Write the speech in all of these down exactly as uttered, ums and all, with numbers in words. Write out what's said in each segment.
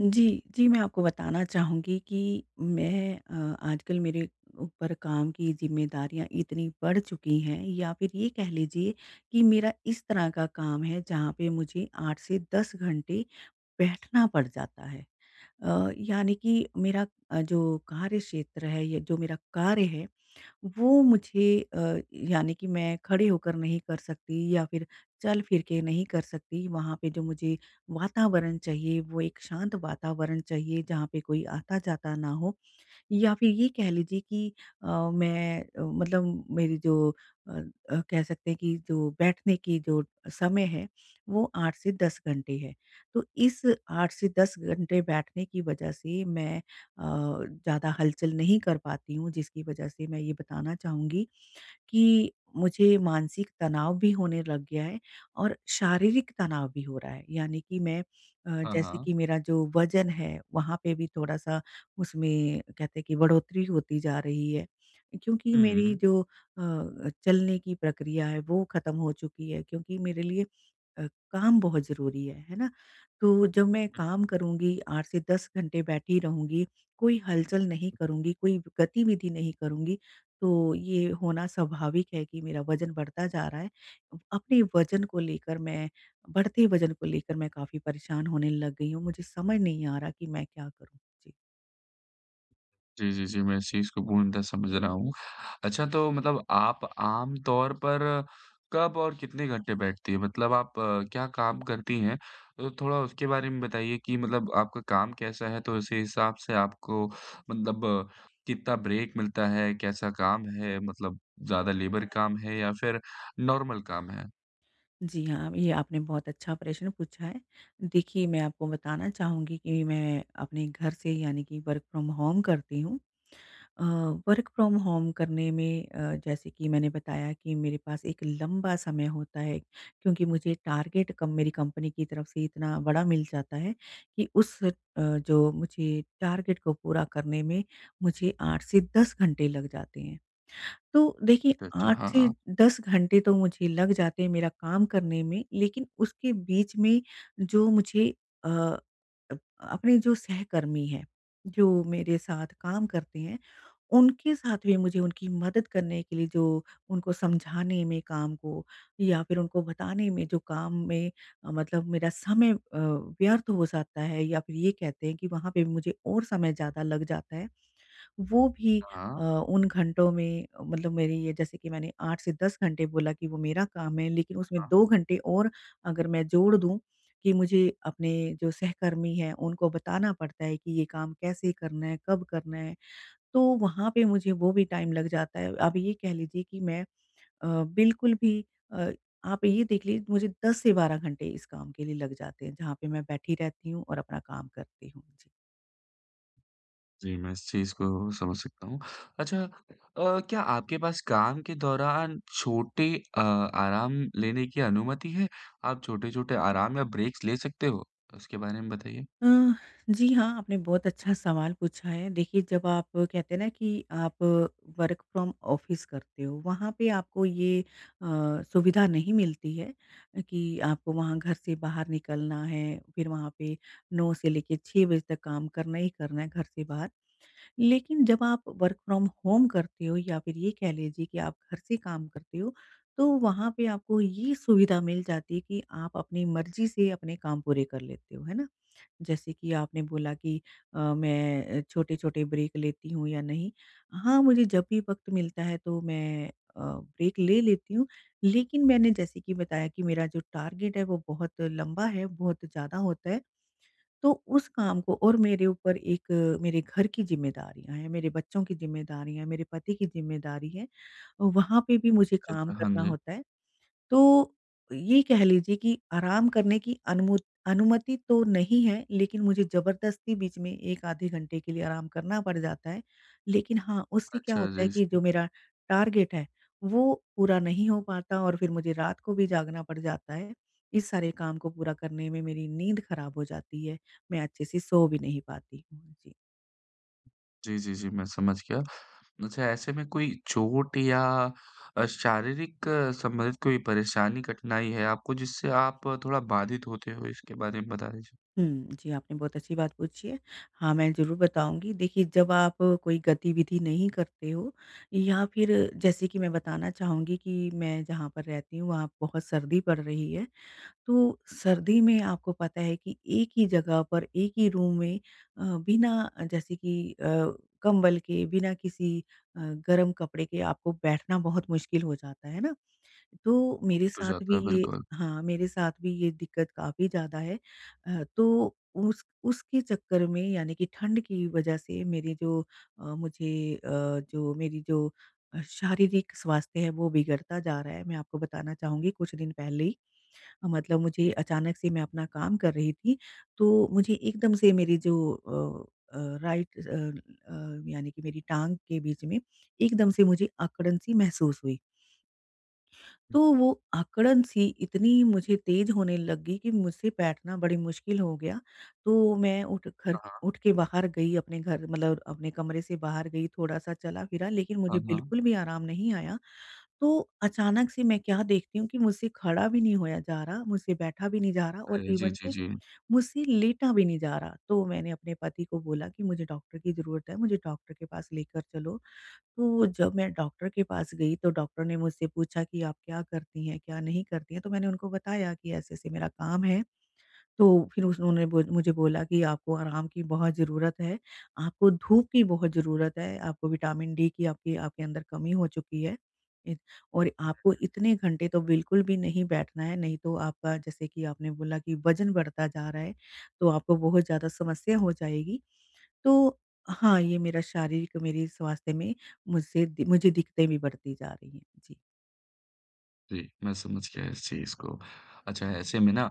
जी, जी, मैं आपको बताना चाहूँगी कि मैं अ, आजकल मेरे ऊपर काम की जिम्मेदारियाँ इतनी बढ़ चुकी हैं या फिर ये कह लीजिए कि मेरा इस तरह का काम है जहाँ पे मुझे आठ से दस घंटे बैठना पड़ जाता है। अ, यानी कि मेरा अ, जो कार्यक्षेत्र है, ये जो मेरा कार्य है, वो मुझे अ, यानी कि मैं खड़े होकर नहीं कर सकती या फिर चल-फिर के नहीं कर सकती वहाँ पे जो मुझे वातावरण चाहिए वो एक शांत वातावरण चाहिए, जहाँ पे कोई आता-जाता ना हो। या फिर ये कह लीजिए कि अ, मैं अ, मतलब मेरी जो अ अ, कह सकते हैं कि जो बैठने की जो समय है वो आठ से दस घंटे है। तो इस आठ से दस घंटे बैठने की वजह से मैं अ, ज़्यादा हलचल नहीं कर पाती हूँ जिसकी वजह से मैं ये बताना चाहूँगी, कि मुझे मानसिक तनाव भी होने लग गया है और शारीरिक तनाव भी हो रहा है। यानी कि मैं अ, हाँ, जैसे हाँ। कि मेरा जो वजन है, वहाँ पे भी थोड़ा-सा उसमें कहते हैं कि बढ़ोतरी होती जा रही है क्योंकि हुँ, मेरी हुँ। जो अ, चलने की प्रक्रिया है वो खत्म हो चुकी है क्योंकि मेरे लिए अ, काम बहुत ज़रूरी है, है ना? तो जब मैं हुँ। काम करूँगी आठ से दस घंटे बैठी रहूँगी, कोई हलचल नहीं करुँगी, कोई गतिविधि नहीं करुँगी तो ये होना स्वाभाविक है कि मेरा वजन बढता जा रहा है, अपने वजन को लेकर मैं बढ़ते वजन को लेकर मैं काफ़ी परेशान होने लग गई हूँ मुझे समझ नहीं आ रहा कि मैं क्या करूँ? जी। जी, जी, जी, मैं इस चीज़ को पूर्णतः समझ रहा हूँ। अच्छा तो मतलब आप आमतौर पर कब और कितने घंटे बैठती हैं? मतलब आप क्या काम करती हैं? तो थोड़ा उसके बारे में बताइए कि मतलब आपका काम कैसा है तो उसी हिसाब से आपको मतलब कितना ब्रेक मिलता है? कैसा काम है? मतलब ज़्यादा लेबर काम है या फिर नॉर्मल काम है? जी, हाँ, ये आपने बहुत अच्छा प्रश्न पूछा है। देखिए मैं आपको बताना चाहूँगी कि मैं अपने घर से यानी कि वर्क फ्रॉम होम करती हूँ। अ, वर्क फ्रॉम होम करने में अ, जैसे कि मैंने बताया कि मेरे पास एक लंबा समय होता है क्योंकि मुझे टारगेट कम मेरी कंपनी की तरफ से इतना बड़ा मिल जाता है कि उस अ, जो मुझे टारगेट को पूरा करने में मुझे आठ से दस घंटे लग जाते हैं। तो देखिए अच्छा, आठ हाँ, से हाँ। दस घंटे तो मुझे लग जाते हैं मेरा काम करने में, लेकिन उसके बीच में जो मुझे अ अ, अपने जो सहकर्मी हैं, जो मेरे साथ काम करते हैं उनके साथ भी मुझे उनकी मदद करने के लिए जो उनको समझाने में काम को, या फिर उनको बताने में जो काम में अ, मतलब मेरा समय अ, व्यर्थ हो जाता है या फिर ये कहते हैं कि वहाँ पे मुझे और समय ज़्यादा लग जाता है। वो भी हाँ, अ, हाँ। उन घंटों में मतलब मेरी ये जैसे कि मैंने आठ से दस घंटे बोला कि वो मेरा काम है लेकिन हाँ, उसमें हाँ। दो घंटे और अगर मैं जोड़ दूँ कि मुझे अपने जो सहकर्मी हैं उनको बताना पडता है कि ये काम कैसे करना है, कब करना है, तो वहाँ पे मुझे वो भी टाइम लग जाता है। आप ये कह लीजिए कि मैं अ, बिल्कुल भी अ, आप ये देख ली मुझे दस से बारह घंटे इस काम के लिए लग जाते हैं जहाँ पे मैं बैठी रहती हूँ और अपना काम करती हूँ। जी। जी मैं इस चीज़ को समझ सकता हूँ। अच्छा अ, क्या आपके पास काम के दौरान छोटे अ, आराम लेने की अनुमति है, आप छोटे-छोटे आराम या ब्रेक्स ले सकते हो? उसके बारे में बताइए। अह, जी हाँ आपने बहुत अच्छा सवाल पूछा है। देखिए जब आप कहते हैं ना कि आप वर्क फ्रॉम ऑफिस करते हो वहाँ पे आपको ये अ, सुविधा नहीं मिलती है कि, आपको वहाँ घर से बाहर निकलना है फिर वहाँ पे नौ से लेके छह बजे तक काम करना ही करना है घर से बाहर। लेकिन जब आप वर्क फ्रॉम होम करते हो या फिर ये कह लीजिए कि आप घर से काम करते हो, तो वहाँ पे आपको ये सुविधा मिल जाती है कि आप अपनी मर्ज़ी से अपने काम पूरे कर लेते हो। है ना? जैसे कि आपने बोला कि अ, मैं छोटे-छोटे ब्रेक लेती हूँ या नहीं, हाँ मुझे जब भी वक़्त मिलता है तो मैं अ, ब्रेक ले लेती हूँ। लेकिन मैंने जैसे कि बताया कि मेरा जो टारगेट है वो बहुत लंबा है, बहुत ज़्यादा होता है। तो उस काम को और मेरे ऊपर एक मेरे घर की ज़िम्मेदारियाँ हैं, मेरे बच्चों की ज़िम्मेदारियाँ, मेरे पति की ज़िम्मेदारी है, वहाँ पे भी मुझे काम अच्छा-अच्छा, हाँ करना जी। होता है। तो ये कह लीजिए कि आराम करने की अनुमुत अनुमति तो नहीं है लेकिन मुझे ज़बरदस्ती बीच में एक आधे घंटे के लिए आराम करना पड़ जाता है। लेकिन हाँ, उससे क्या अच्छा, होता है जी, कि जो जी। मेरा टारगेट है वो पूरा नहीं हो पाता और फिर मुझे रात को भी जागना पड़ जाता है, इस सारे काम को पूरा करने में मेरी नींद खराब हो जाती है, मैं अच्छे से सो भी नहीं पाती हूँ। जी। जी, जी, जी, मैं समझ गया। अच्छा ऐसे में कोई चोट या अ, शारीरिक संबंधित कोई परेशानी, कठिनाई है आपको जिससे आप थोड़ा बाधित होते हो, इसके बारे में बता दीजिए? हुँ। जी आपने बहुत अच्छी बात पूछी है। हाँ, मैं ज़रूर बताऊँगी। देखिए जब आप कोई गतिविधि नहीं करते हो या फिर जैसे कि मैं बताना चाहूँगी कि मैं जहाँ पर रहती हूँ वहाँ बहुत सर्दी पड़ रही है। तो सर्दी में आपको पता है कि एक ही जगह पर एक ही रूम में अ, बिना जैसे कि अ, कंबल के, बिना किसी अ, गर्म कपड़े के आपको बैठना बहुत मुश्किल हो जाता है ना? तो मेरे तो साथ जाता भी है, ये बिल्कुल। हाँ, मेरे साथ भी ये दिक्कत काफ़ी ज़्यादा है। अ, तो उस उसके चक्कर में यानी कि ठंड की वजह से मेरी जो अ, मुझे अ, जो मेरी जो शारीरिक स्वास्थ्य है वो बिगड़ता जा रहा है। मैं आपको बताना चाहूँगी कुछ दिन पहले ही मतलब मुझे अचानक से मैं अपना काम कर रही थी तो मुझे एकदम से मेरी जो अ अ, राइट अ अ, यानी कि मेरी टाँग के बीच में एकदम से मुझे अकड़न-सी महसूस हुई। हुँ। तो वो अकड़न-सी इतनी मुझे तेज होने लग गई कि मुझसे बैठना बड़ी मुश्किल हो गया तो मैं उठ खर हाँ, हाँ। उठ के बाहर गई अपने घर मतलब अपने कमरे से बाहर गई थोड़ा-सा चला-फिरा लेकिन मुझे हाँ, हाँ। बिल्कुल भी आराम नहीं आया। तो अचानक से मैं क्या देखती हूँ कि मुझसे खड़ा भी नहीं होया जा रहा, मुझसे बैठा भी नहीं जा रहा और अरे! जी, इवन जी, कि जी। मुझसे लेटा भी नहीं जा रहा। तो मैंने अपने पति को बोला कि मुझे डॉक्टर की ज़रूरत है, मुझे डॉक्टर के पास लेकर चलो। तो जब मैं डॉक्टर के पास गई तो डॉक्टर ने मुझसे पूछा कि "आप क्या करती हैं? क्या नहीं करती हैं?" तो मैंने उनको बताया कि ऐसे-ऐसे मेरा काम है। तो फिर उस उन्होंने बुज मुझे बोला कि "आपको आराम की बहुत ज़रूरत है। आपको धूप की बहुत जरूरत है। आपको विटामिन डी की आपकी आपके अंदर कमी हो चुकी है। इत और जी, आपको जी। इतने घंटे तो बिल्कुल भी नहीं बैठना है, नहीं तो आपका जैसे कि आपने बोला कि वजन बढ़ता जा रहा है तो आपको बहुत ज़्यादा समस्या हो जाएगी।" तो हाँ, ये मेरा शारीरिक मेरी स्वास्थ्य में मुझसे मुझे दिक्तें भी बढ़ती जा रही हैं। जी। जी, मैं समझ गया इस चीज़ को। अच्छा ऐसे में ना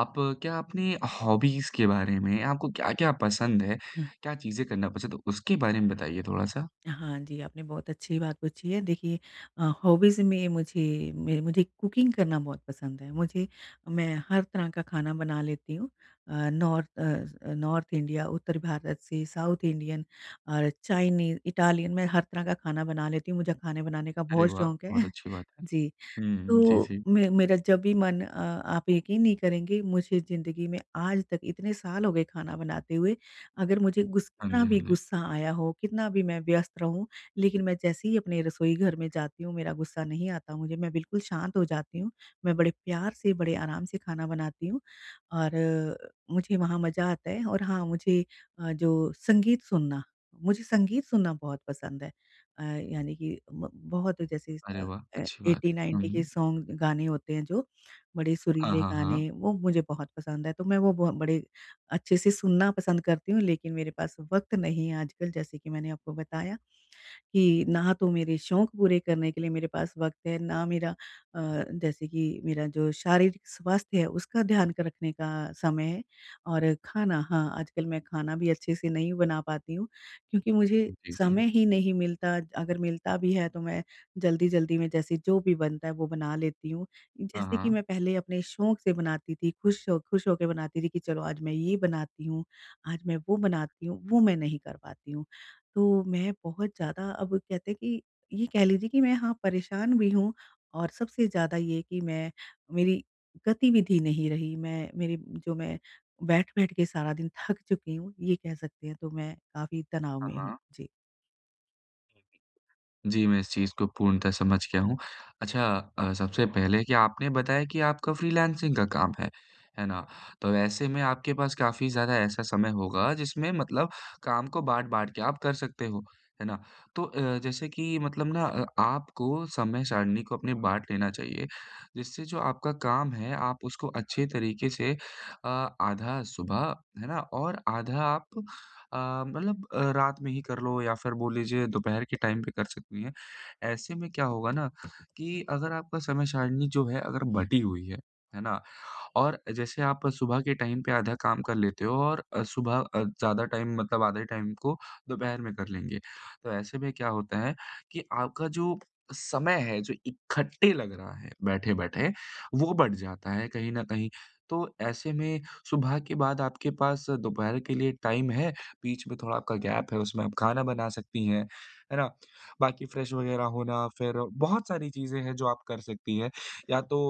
आप क्या अपनी हॉबीज़ के बारे में, आपको क्या-क्या पसंद है? हुँ। क्या चीज़ें करना पसंद है? उसके बारे में बताइए थोड़ा-सा। हाँ जी, आपने बहुत अच्छी बात पूछी है। देखिए अ, हॉबीज़ में मुझे मेरे मुझे कुकिंग करना बहुत पसंद है। मुझे मैं हर तरह का खाना बना लेती हूँ अ, north uh uh, north India, उत्तर भारत से, साउथ इंडियन और चाइनीज, इटालियन मैं हर तरह का खाना बना लेती हूँ। मुझे खाने बनाने का अरे बहुत वाह! शौक है, बहुत अच्छी बात है। जी। हुँ, हुँ। जी, तो जी। मे मेरा जब भी मन अ, आप यकीन नहीं करेंगे मुझे ज़िंदगी में आज तक इतने साल हो गए खाना बनाते हुए अगर मुझे गुस हाँ कितना जी, हाँ भी जी। गुस्सा आया हो, कितना भी मैं व्यस्त रहूँ लेकिन मैं जैसे ही अपने रसोई घर में जाती हूँ मेरा गुस्सा नहीं आता मुझे, मैं बिल्कुल शांत हो जाती हूँ। मैं बड़े प्यार से, बड़े आराम से खाना बनाती हूँ। और मुझे वहाँ मज़ा आता है और हाँ मुझे अ, जो संगीत सुनना मुझे संगीत सुनना बहुत पसंद है। अ, यानी कि ब बहुत जैसे अरे अ, वाह! ए अच्छी बात एट्टी है। हुँ, नाइन्टी के हुँ। सॉन्ग, गाने होते हैं जो बड़े हाँ, सुरीले हाँ, हाँ। गाने, वो मुझे बहुत पसंद है। तो मैं वो ब बड़े अच्छे से सुनना पसंद करती हूँ लेकिन मेरे पास वक़्त नहीं है आजकल। जैसे कि मैंने आपको बताया, कि ना तो मेरे शौक पूरे करने के लिए मेरे पास वक़्त है, ना मेरा अ, जैसे कि मेरा जो शारीरिक स्वास्थ्य है उसका ध्यान क रखने का समय है और खाना, हाँ आजकल मैं खाना भी अच्छे से नहीं बना पाती हूँ। क्योंकि मुझे जी, जी, जी। समय ही नहीं मिलता, अगर मिलता भी है, तो मैं जल्दी-जल्दी में जैसे जो भी बनता है वो बना लेती हूँ। हाँ, जैसे कि हाँ। मैं पहले अपने शौक से बनाती थी, खुश हो खुश हो के बनाती थी कि चलो आज मैं ये बनाती हूँ, आज मैं वो हुँ, हुँ। बनाती हूँ, वो मैं नहीं कर पाती हूँ। तो मैं बहुत हुँ। ज़्यादा अब कहते हैं कि ये कह लीजिए कि मैं हाँ परेशान भी हूँ और सबसे ज़्यादा ये कि मैं मेरी गतिविधि नहीं रही। मैं मेरी जो मैं बैठ-बैठ के सारा दिन थक चुकी हूँ, ये कह सकते हैं। तो मैं काफ़ी तनाव हाँ, में हूँ। हाँ। जी। जी, मैं इस चीज़ को पूर्णतः समझ गया हूँ। अच्छा अ, सबसे पहले कि आपने बताया कि आपका फ्रीलांसिंग का काम है, है ना। तो ऐसे में आपके पास काफ़ी ज़्यादा ऐसा समय होगा जिसमें मतलब काम को बाँट-बाँट के आप कर सकते हो, है ना? तो अ, जैसे कि मतलब ना अ, आपको समय सारिणी को अपने बाँट लेना चाहिए जिससे जो आपका काम है, आप उसको अच्छे तरीके से अ, आधा सुबह है ना, और आधा आप अ, मतलब अ, रात में ही कर लो या फिर बोल लीजिए दोपहर के टाइम पे कर सकती हैं। ऐसे में क्या होगा ना कि अगर आपका समय सारिणी जो है अगर बँटी हुई है, है ना, और जैसे आप सुबह के टाइम पे आधा काम कर लेते हो और अ, सुबह अ, ज़्यादा टाइम मतलब आधे टाइम को दोपहर में कर लेंगे। तो ऐसे में क्या होता है कि आपका जो समय है जो इकट्ठे लग रहा है बैठे-बैठे, वो बढ़ जाता है कहीं न कहीं, तो ऐसे में सुबह के बाद आपके पास दोपहर के लिए टाइम है, बीच में थोड़ा आपका गैप है उसमें आप खाना बना सकती हैं। है ना? बाकी फ्रेश वग़ैरह होना फिर बहुत सारी चीज़ें हैं जो आप कर सकती हैं। या तो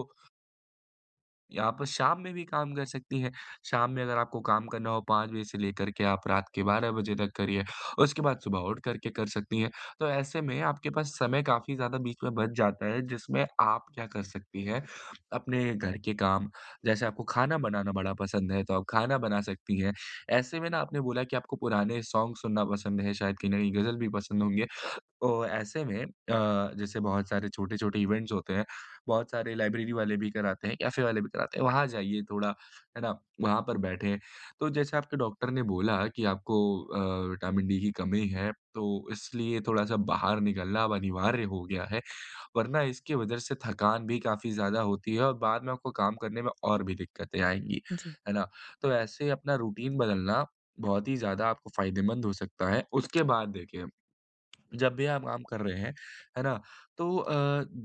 या आप शाम में भी काम कर सकती हैं। शाम में अगर आपको काम करना हो पाँच बजे से लेकर के आप रात के बारह बजे तक करिए, उसके बाद सुबह उठ करके कर सकती हैं। तो ऐसे में आपके पास समय काफ़ी ज़्यादा बीच में बच जाता है, जिसमें आप क्या कर सकती हैं, अपने घर के काम, जैसे आपको खाना बनाना बड़ा पसंद है, तो आप खाना बना सकती हैं। ऐसे में ना आपने बोला कि आपको पुराने सॉन्ग सुनना पसंद है, शायद कहीं न कहीं गजल भी पसंद होंगे। तो ऐसे में अ, जैसे बहुत सारे छोटे-छोटे इवेंट्स होते हैं, बहुत सारे लाइब्रेरी वाले भी कराते हैं, कैफे वाले भी कराते हैं वहाँ जाइए थोड़ा, है ना, वहाँ पर बैठें। तो जैसे आपके डॉक्टर ने बोला कि आपको अ, विटामिन डी की कमी है तो इसलिए थोड़ा-सा बाहर निकलना अब अनिवार्य हो गया है, वरना इसकी वजह से थकान भी काफ़ी ज़्यादा होती है और बाद में आपको काम करने में और भी दिक्कतें आएँगी, जी। है ना। तो ऐसे अपना रूटीन बदलना बहुत ही ज़्यादा आपको फायदेमंद हो सकता है। उसके बाद देखिए, जब भी आप आम कर रहे हैं, है ना तो अ,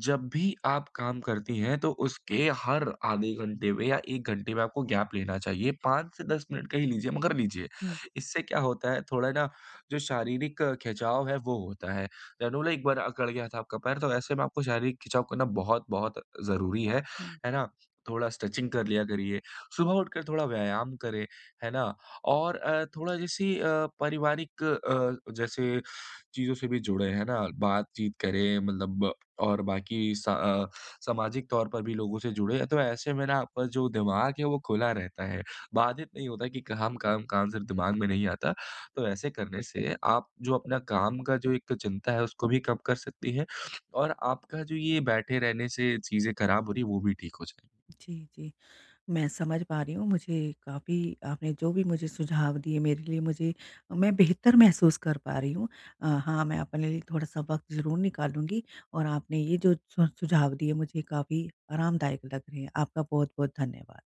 जब भी आप काम करती हैं तो उसके हर आधे घंटे में या एक घंटे में आपको गैप लेना चाहिए पाँच से दस मिनट का ही लीजिए, मगर लीजिए। हुँ। इससे क्या होता है, थोड़ा ना जो शारीरिक खिंचाव है वो होता है, जनूले एक बार अकड़ गया था आपका पैर, तो ऐसे में आपको शारीरिक खिंचाव करना बहुत-बहुत ज़रूरी है, हुँ। है ना। थोड़ा स्ट्रेचिंग कर लिया करिए, सुबह उठकर थोड़ा व्यायाम करें, है ना और अ, थोड़ा जैसे अ, पारिवारिक अ, जैसे चीज़ों से भी जुड़े, हैं ना, बातचीत करें मतलब और बाकी स अ, सामाजिक तौर पर भी लोगों से जुड़े तो ऐसे में ना आपका जो दिमाग है वो खुला रहता है, बाधित नहीं होता है कि काम-काम-काम सिर्फ दिमाग में नहीं आता। तो ऐसे करने से आप जो अपना काम का जो एक चिंता है उसको भी कम कर सकती हैं और आपका जो ये बैठे रहने से चीज़ें खराब हो रही हैं, वो भी ठीक हो जाए। जी, जी। मैं समझ पा रही हूँ मुझे काफ़ी आपने जो भी मुझे सुझाव दिए मेरे लिए मुझे मैं बेहतर महसूस कर पा रही हूँ अ, हाँ मैं अपने लिए थोड़ा-सा वक़्त ज़रूर निकालूँगी और आपने ये जो स सुझाव दिए मुझे काफ़ी आरामदायक लग रहे हैं, आपका बहुत-बहुत धन्यवाद।